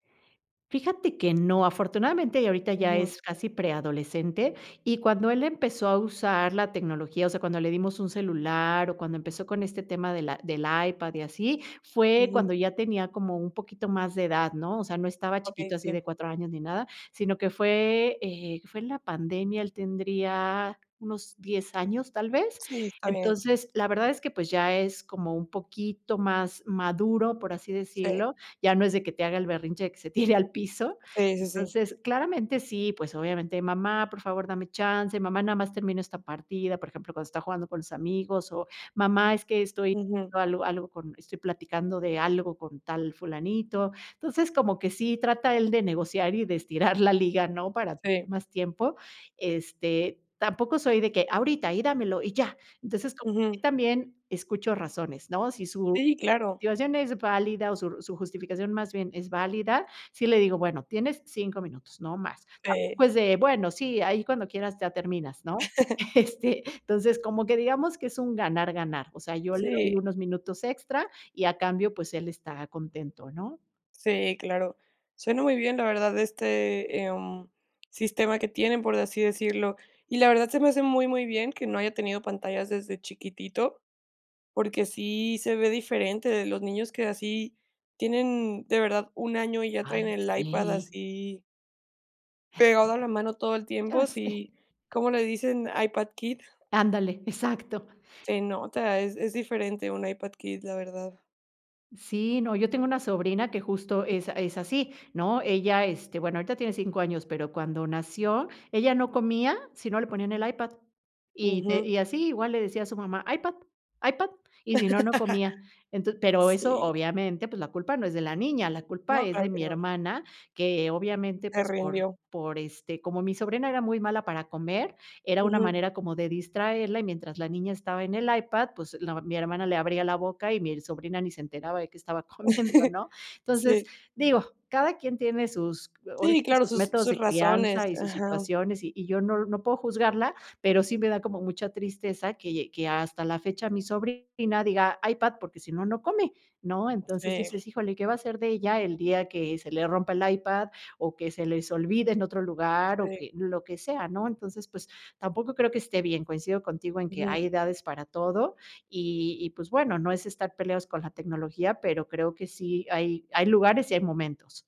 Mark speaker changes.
Speaker 1: Fíjate que no, afortunadamente, ya ahorita ya
Speaker 2: Ujú.
Speaker 1: es casi preadolescente. Y cuando él empezó a usar la tecnología, o sea, cuando le dimos un celular o cuando empezó con este tema de la del iPad y así, fue
Speaker 2: Ujú.
Speaker 1: cuando ya tenía como un poquito más de edad, ¿no? O sea, no estaba
Speaker 2: Okey,
Speaker 1: chiquito, así
Speaker 2: sí.
Speaker 1: de 4 años ni nada, sino que fue, eh, fue en la pandemia. Él tendría unos 10 años, tal vez.
Speaker 2: Sí, está bien.
Speaker 1: Entonces, la verdad es que, pues, ya es como un poquito más maduro, por así
Speaker 2: Sí.
Speaker 1: decirlo, ya no es de que te haga el berrinche de que se tire al piso.
Speaker 2: Sí, sí, sí.
Speaker 1: Entonces, claramente, sí, pues, obviamente: "Mamá, por favor, dame chance, mamá, nada más termina esta partida", por ejemplo, cuando está jugando con los amigos, o mamá: "Es que estoy
Speaker 2: Ujú.
Speaker 1: algo algo con estoy platicando de algo con tal fulanito". Entonces, como que sí trata él de negociar y de estirar la liga, ¿no?, para
Speaker 2: Sí.
Speaker 1: más tiempo. Este, tampoco soy de que: "Ahorita, y dámelo, y ya". Entonces, como [unintelligible]
Speaker 2: Ujú.
Speaker 1: también escucho razones, ¿no? Si su
Speaker 2: Sí, claro.
Speaker 1: [unintelligible] es válida o su r su justificación, más bien, es válida, sí le digo: "Bueno, tienes 5 minutos, no más".
Speaker 2: Pe
Speaker 1: Tampoco es de, bueno, sí, ahí cuando quieras ya terminas, ¿no? Este, entonces, como que digamos que es un ganar, ganar. O sea, yo le doy
Speaker 2: Sí.
Speaker 1: unos minutos extra y, a cambio, pues, él está contento, ¿no?
Speaker 2: Sí, claro. Suena muy bien, la verdad este, em, sistema que tienen, por así decirlo. Y la verdad se me hace muy, muy bien que no haya tenido pantallas desde chiquitito, porque sí se ve diferente de los niños que así tienen, de verdad, 1 año y ya traen
Speaker 1: Ay,
Speaker 2: el iPad
Speaker 1: sí.
Speaker 2: así pegado a la mano todo el
Speaker 1: Ya
Speaker 2: tiempo,
Speaker 1: sé.
Speaker 2: sí. ¿Cómo le dicen? IPad kid.
Speaker 1: Ándale, exacto.
Speaker 2: Se nota, es es diferente un iPad kid, la verdad.
Speaker 1: Sí, no. Yo tengo una sobrina que, justo, es a es así, ¿no? Ella, este, bueno, ahorita tiene 5 años, pero cuando nació, ella no comía, si no le ponían el iPad. Y n
Speaker 2: Ujú.
Speaker 1: y así, igual le decía a su mamá: "iPad, iPad", y si no, no comía. Enton pero eso,
Speaker 2: Sí.
Speaker 1: obviamente, pues, la culpa no es de la niña, la culpa
Speaker 2: No,
Speaker 1: es
Speaker 2: claro
Speaker 1: de
Speaker 2: que
Speaker 1: mi
Speaker 2: no.
Speaker 1: hermana, que, obviamente,
Speaker 2: Se
Speaker 1: pues, por
Speaker 2: rindió.
Speaker 1: por, este como mi sobrina era muy mala para comer, era una
Speaker 2: Ujú.
Speaker 1: manera como de distraerla. Y mientras la niña estaba en el iPad, pues, la ma mi hermana le abría la boca, y mi sobrina ni se enteraba de que estaba comiendo, ¿no? Entonces,
Speaker 2: Sí.
Speaker 1: digo, cada quien tiene sus ahora
Speaker 2: Sí,
Speaker 1: sí que
Speaker 2: claro,
Speaker 1: sus
Speaker 2: sus
Speaker 1: métodos
Speaker 2: sus
Speaker 1: de
Speaker 2: razones.
Speaker 1: crianza y sus
Speaker 2: Ajá.
Speaker 1: situaciones, y y yo no no puedo juzgarla, pero sí me da como mucha tristeza que que hasta la fecha mi sobrina diga: "iPad", porque, si no, no come, ¿no? Entonces
Speaker 2: Sí.
Speaker 1: dices, híjole, ¿qué va a hacer de ella el día que se le rompa el iPad o que se les olvide en otro lugar, o
Speaker 2: Sí.
Speaker 1: que lo que sea, ¿no? Entonces, pues, tampoco creo que esté bien. Coincido contigo en que
Speaker 2: Ujú.
Speaker 1: hay edades para todo. Y y, pues, bueno, no es estar peleados con la tecnología, pero creo que sí hay hay lugares y hay momentos.